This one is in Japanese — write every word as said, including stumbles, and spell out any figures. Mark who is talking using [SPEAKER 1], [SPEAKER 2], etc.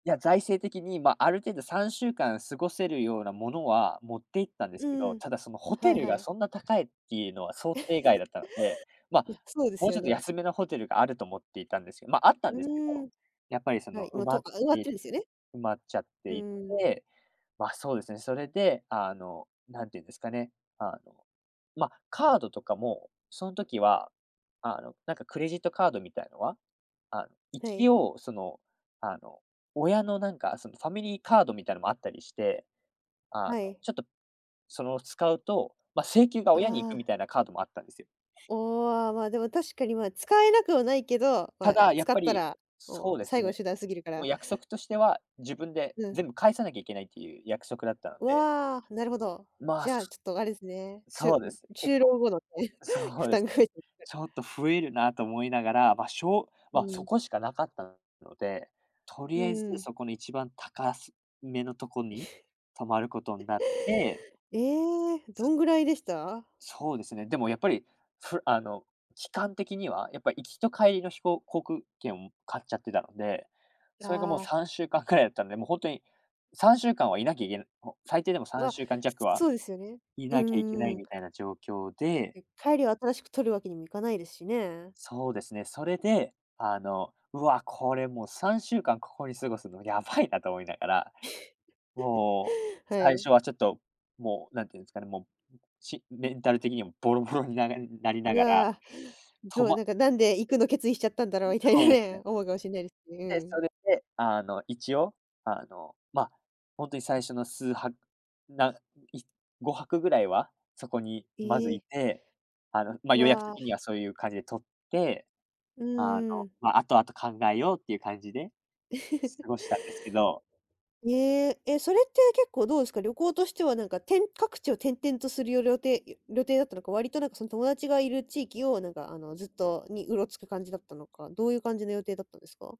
[SPEAKER 1] いや、財政的に、ま、ある程度、さんしゅうかん過ごせるようなものは持っていったんで
[SPEAKER 2] う
[SPEAKER 1] すけど、
[SPEAKER 2] ん、
[SPEAKER 1] ただそのホテ
[SPEAKER 2] はい
[SPEAKER 1] ル
[SPEAKER 2] は
[SPEAKER 1] が
[SPEAKER 2] い。
[SPEAKER 1] そんな高いっていうのは想定外だ ったので、ま、
[SPEAKER 2] うん、そうです
[SPEAKER 1] もう
[SPEAKER 2] よ
[SPEAKER 1] ちょっと
[SPEAKER 2] ね。
[SPEAKER 1] 安めのホテルがあると思っていたんですけど、ま、あったん
[SPEAKER 2] う
[SPEAKER 1] ですけど、
[SPEAKER 2] ーん。
[SPEAKER 1] やっぱりそ
[SPEAKER 2] は
[SPEAKER 1] の
[SPEAKER 2] い、も
[SPEAKER 1] 埋
[SPEAKER 2] う
[SPEAKER 1] まっ
[SPEAKER 2] とあ、埋まって
[SPEAKER 1] て
[SPEAKER 2] るんですよね。
[SPEAKER 1] 埋まっちゃっ
[SPEAKER 2] う
[SPEAKER 1] てい
[SPEAKER 2] ん。
[SPEAKER 1] て。ま、そうですね、それで、あの、なんていうんですかね、あの、ま、カードとかも、その時は、あの、なんかクレジットカードみたいのは、あ、
[SPEAKER 2] はい。
[SPEAKER 1] 一応、その、あの、親のなんかそのファミリーカードみたいのもあったりして、あ
[SPEAKER 2] は
[SPEAKER 1] の、
[SPEAKER 2] い。
[SPEAKER 1] ちょっとその使うと、ま、請求が親に行
[SPEAKER 2] あ
[SPEAKER 1] くみ
[SPEAKER 2] あ。
[SPEAKER 1] たいなカードもあったんですよ。
[SPEAKER 2] おあ、まあ、でも確かにまあ、使えなくはないけど、ま
[SPEAKER 1] た
[SPEAKER 2] あ、
[SPEAKER 1] だ、やっ
[SPEAKER 2] 使っ
[SPEAKER 1] ぱ
[SPEAKER 2] た
[SPEAKER 1] り
[SPEAKER 2] ら、
[SPEAKER 1] そ
[SPEAKER 2] も
[SPEAKER 1] う
[SPEAKER 2] う、
[SPEAKER 1] です
[SPEAKER 2] 最後
[SPEAKER 1] ね、
[SPEAKER 2] 手段すぎるか
[SPEAKER 1] もう
[SPEAKER 2] ら。
[SPEAKER 1] 約束としては、自分で
[SPEAKER 2] うん。
[SPEAKER 1] 全部返さなきゃいけないっていう約束だったので。
[SPEAKER 2] わあ、なるほど。
[SPEAKER 1] まあ、
[SPEAKER 2] じゃあ
[SPEAKER 1] す
[SPEAKER 2] ちょっとあれですね、し
[SPEAKER 1] そ
[SPEAKER 2] ゅ
[SPEAKER 1] う
[SPEAKER 2] う
[SPEAKER 1] で
[SPEAKER 2] ん、
[SPEAKER 1] す、結
[SPEAKER 2] 就
[SPEAKER 1] 構
[SPEAKER 2] 労後のね、
[SPEAKER 1] そ
[SPEAKER 2] 負
[SPEAKER 1] うで
[SPEAKER 2] 担
[SPEAKER 1] す。
[SPEAKER 2] が増えちゃったら
[SPEAKER 1] ちょっと増えるなと思いながら、ま、しょう
[SPEAKER 2] う
[SPEAKER 1] ま、そ
[SPEAKER 2] ん。
[SPEAKER 1] こしかなかったので、と
[SPEAKER 2] う
[SPEAKER 1] りあえず
[SPEAKER 2] ん。
[SPEAKER 1] そこの一番高すめのとこに泊まることんなって。
[SPEAKER 2] ええ、どんぐらいでした？
[SPEAKER 1] そうですね。でもやっぱり、ふあの、期間的にはやっぱ、行きと帰りの飛行航空券を買っちゃってたので、それがもう
[SPEAKER 2] あ
[SPEAKER 1] さ
[SPEAKER 2] あ。
[SPEAKER 1] んしゅうかんくらいだったので、もうほんとにさんしゅうかんはいなきゃいけない、もう最低でもさん
[SPEAKER 2] わ、
[SPEAKER 1] しゅうかんじゃくは、
[SPEAKER 2] そうですよね。
[SPEAKER 1] い
[SPEAKER 2] う
[SPEAKER 1] なきゃいけな
[SPEAKER 2] ん
[SPEAKER 1] い
[SPEAKER 2] うん。
[SPEAKER 1] みたいな状況で。
[SPEAKER 2] え、帰りは新しく取るわけにもいかないですしね。
[SPEAKER 1] そうですね、それで、あの、「うわ、これもう、さんしゅうかんここに過ごすのやばいな」と思いながら、もう
[SPEAKER 2] は
[SPEAKER 1] 最
[SPEAKER 2] い。
[SPEAKER 1] 初はちょっと、もうなんていうんですかね、もう、しメンタル的にもボロボロにならなりな
[SPEAKER 2] う
[SPEAKER 1] がら、
[SPEAKER 2] わ、
[SPEAKER 1] と
[SPEAKER 2] どう、
[SPEAKER 1] ま
[SPEAKER 2] なんか「なんで行くの決意しちゃったんだろう」みたい
[SPEAKER 1] そ
[SPEAKER 2] な
[SPEAKER 1] うですね。
[SPEAKER 2] ね、思うかもしんないですね、
[SPEAKER 1] で、
[SPEAKER 2] う
[SPEAKER 1] そ
[SPEAKER 2] ん。
[SPEAKER 1] れで、あの、一応、あの、ま、ほんとに最初の数泊、な、いごはくぐらいはそこにまず
[SPEAKER 2] え
[SPEAKER 1] い
[SPEAKER 2] え。
[SPEAKER 1] て、あの、ま、予約
[SPEAKER 2] わ
[SPEAKER 1] 的には
[SPEAKER 2] あ。
[SPEAKER 1] そういう感じでとって、
[SPEAKER 2] う
[SPEAKER 1] あの、
[SPEAKER 2] ーん。
[SPEAKER 1] ま、あとあと考えようっていう感じで過 ごしたんですけど。
[SPEAKER 2] へえ、え、それって結構どうですか、旅行としてはなんか、てん各地を転々とするよ旅程ゆ、旅程だったのか、割となんかその友達がいる地域をなんかあの、ずっとにうろつく感じだったのか、どういう感じの予定だったんですか？